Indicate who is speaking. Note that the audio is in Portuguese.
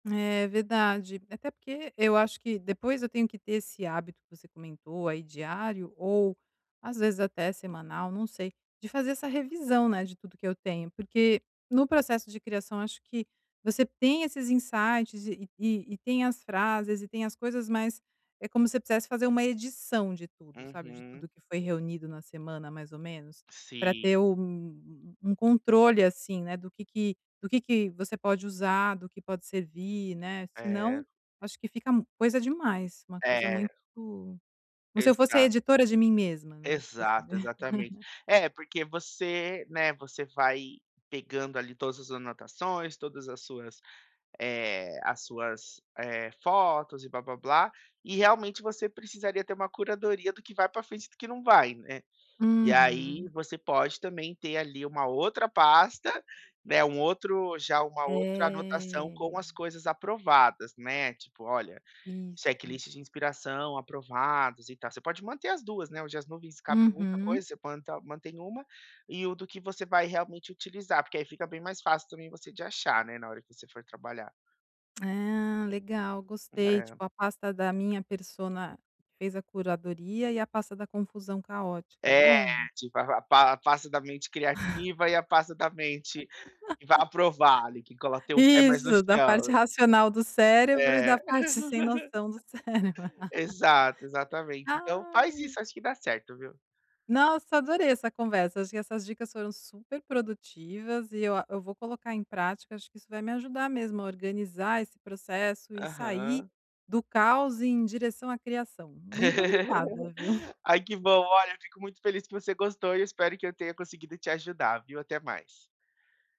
Speaker 1: É, verdade. Até porque eu acho que depois eu tenho que ter esse hábito que você comentou aí diário ou às vezes até semanal, não sei, de fazer essa revisão, né, de tudo que eu tenho. Porque no processo de criação, acho que você tem esses insights e e tem as frases e tem as coisas, mas é como se eu quisesse fazer uma edição de tudo, sabe, de tudo
Speaker 2: Uhum.
Speaker 1: que foi reunido na semana mais ou menos, pra
Speaker 2: Sim.
Speaker 1: ter um um controle, assim, né, do que que do que que você pode usar, do que pode servir, né. Se
Speaker 2: É.
Speaker 1: não acho que fica coisa demais, uma coisa
Speaker 2: É.
Speaker 1: muito como se eu fosse a
Speaker 2: Exa
Speaker 1: editora de mim mesma, né, tipo assim.
Speaker 2: Exato, exatamente. É, porque você, né, você vai pegando ali todas as anotações, todas as suas, eh, as suas, eh, fotos e blá-blá-blá, e realmente você precisaria ter uma curadoria do que vai pra frente e do que não vai, né. E aí
Speaker 1: Uhum.
Speaker 2: você pode também ter ali uma outra pasta, né, um outro já uma outra anotação
Speaker 1: É.
Speaker 2: com as coisas aprovadas, né. Tipo, olha
Speaker 1: Isso.
Speaker 2: checklist de inspiração aprovados e tal. Você pode manter as 2, né, hoje as nuvens cabem muita
Speaker 1: Uhum.
Speaker 2: coisa, você planta mantém uma e o do que você vai realmente utilizar, porque aí fica bem mais fácil também você de achar, né, na hora que você for trabalhar.
Speaker 1: Ah, legal,
Speaker 2: Hum,
Speaker 1: gostei.
Speaker 2: é.
Speaker 1: Tipo a pasta da minha persona que fez a curadoria e a pasta da confusão caótica, é
Speaker 2: É
Speaker 1: bom.
Speaker 2: tipo, a pa pasta da mente criativa e a pasta da mente que vá aprovar ali, que cola teu pé mais no
Speaker 1: Isso, da parte
Speaker 2: chão.
Speaker 1: racional do cérebro e da
Speaker 2: É.
Speaker 1: parte sem noção do cérebro.
Speaker 2: Exato, exatamente. Então faz
Speaker 1: Ai.
Speaker 2: isso, acho que dá certo, viu.
Speaker 1: Nossa, adorei essa conversa. Acho que essas dicas foram super produtivas e eu a eu vou colocar em prática, acho que isso vai me ajudar mesmo a organizar esse processo e sair
Speaker 2: Aham.
Speaker 1: do caos em direção à criação. Muito obrigada, viu.
Speaker 2: Ai, que bom. Olha, fico muito feliz que você gostou e eu espero que eu tenha conseguido te ajudar, viu. Até mais.